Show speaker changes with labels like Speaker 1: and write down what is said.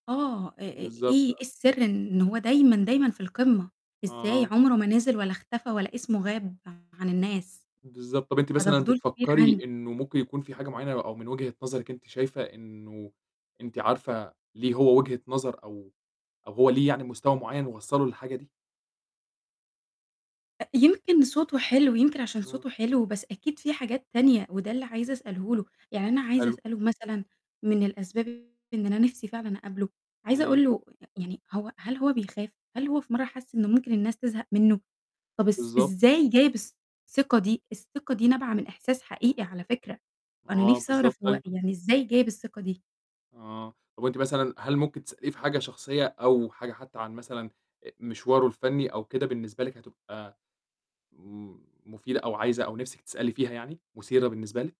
Speaker 1: آه، إ إ إيه
Speaker 2: بالضبط،
Speaker 1: إيه
Speaker 2: آه.
Speaker 1: السِرّ إن هو دايمًا، دايمًا في القمة؟ إزاي؟
Speaker 2: آه.
Speaker 1: عمرُه ما نزل ولا اختفى ولا اسمه غاب عن الناس.
Speaker 2: بالضبط، طَب أنتِ
Speaker 1: فده
Speaker 2: مثلًا
Speaker 1: فضول كبير
Speaker 2: بتفكّري
Speaker 1: عندي.
Speaker 2: إنه ممكن يكون في حاجة معيّنة؟ أو من وجهة نظرِك أنتِ شايفة إنه أنتِ عارفة ليه هو وجهة نظر أو أو هو ليه يعني مستوى معيّن وصّله للحاجة دي؟
Speaker 1: أ يمكن صوته حلو، يمكن عشان
Speaker 2: آه.
Speaker 1: صوته حلو، بس أكيد في حاجات تانية، وده اللي عايزة أسأله له، يعني أنا عايزة
Speaker 2: حلو.
Speaker 1: أسأله مثلًا من الأسباب إن أنا نِفْسي فعلًا أقابله، عايزة
Speaker 2: إمم.
Speaker 1: أقول له يعني هو هل هو بيخاف؟ هل هو في مرّه حس إنه ممكن الناس تزهق منه؟ طَب إس
Speaker 2: بالضبط.
Speaker 1: إزاي جايب الثقة دي؟ الثقة دي نابعة من إحساس حقيقي على فكرة، وأنا
Speaker 2: آه،
Speaker 1: نِفْسي
Speaker 2: بالضبط،
Speaker 1: أعرف هو
Speaker 2: طيب
Speaker 1: يعني إزاي جايب الثقة دي؟
Speaker 2: آه. طَب أنتِ مثلًا هل ممكن تسأليه في حاجة شخصية، أو حاجة حتى عن مثلًا آآ مشوارُه الفني أو كده بالنسبة لِك هتبقى م مفيدة؟ أو عايزة أو نِفْسِك تسألي فيها يعني، مثيرة بالنسبة لِك؟